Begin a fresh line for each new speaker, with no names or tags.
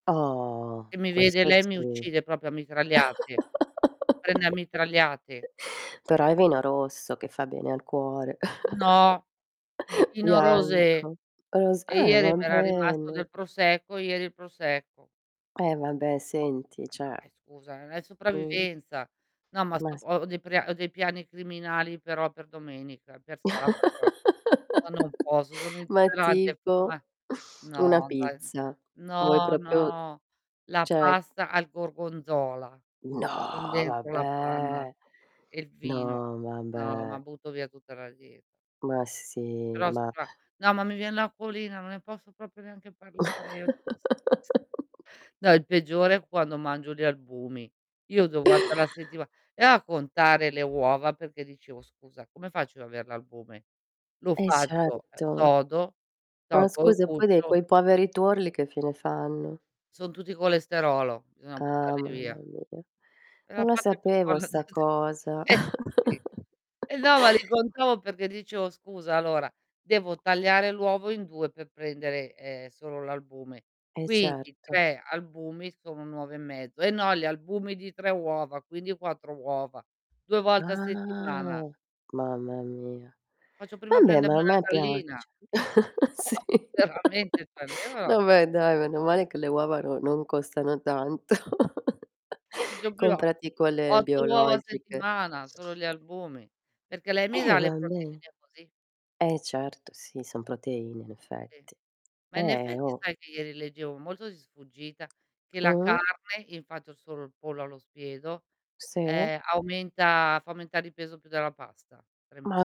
Oh,
Se mi vede
questo
lei mi
sì.
uccide proprio a mitragliate. Prende a mitragliate.
Però è vino rosso che fa bene al cuore.
No, il Pinot Rosé.
Bianco. Ros
E
eh,
ieri
va
mi era rimasto
bene.
del prosecco ieri il prosecco.
Eh vabbè senti, cioè
Dai scusa, non è
Mh.
sopravvivenza. No ma
Ma
sto
s
po ho dei pra ho dei piani criminali però per domenica, per sabato eh. No, non posso, sono
Ma
intollerante
tipo?
prima
Una
no, dai
pizza. Vuoi
no,
proprio
no, la
cioè
pasta al gorgonzola
No
con dentro la panna
vabbè.
e il vino,
No
no, ma
vabbè.
butto via tutta la die
Ma sì,
Però se
ma
va no, ma mi vien l'acquolina, non ne posso proprio neanche parlare io di questa cosa. No, il peggiore è quando mangio gli albumi. Io devo 2 volte la settima e a contare le uova perché dicevo: "Scusa, come faccio ad avere l'albume?" Lo
E
faccio, ehm,
certo.
sodo,
Ma
tolgo il
scusa, poi dei
guscio
quei poveri turli che fine fanno?
Son tutti colesterolo, bisogna
Ah
buttarli
mamma
via.
mia.
È la
Non la
parte più
sapevo
buona di
sta
tutte,
cosa.
eh, sì. Eh no ma li contavo perché dicevo: "Scusa allora devo tagliare l'uovo in 2 per prendere, ehm, solo l'albume.
E
Quindi
certo.
3 albumi sono 1 uovo e mezzo e no gli albumi di 3 uova, quindi 4 uova. 2 volte a settimana".
Ah, mamma mia.
"Faccio prima a
Vabbè ma
prendermi
a
una
me
gallina".
piace.
Oh,
Sì.
veramente cioè io
Vabbè dai, meno male che le uova no non costano tanto.
Faccio prima
Comprati quelle
8 uova a
biologiche.
settimana solo gli albumi, perché lei mi
Eh
dà le
vabbè.
proteine così.
Eh certo sì, son proteine in
Sì.
effetti.
Ma in
Eh,
effetti
oh!
sai che ieri leggevo molto di sfuggita, che la
Mh-mh.
carne infatti ho solo il pollo allo spiedo,
Sì.
ehm, aumenta fa aumentare di peso più della pasta. 3 m
Ma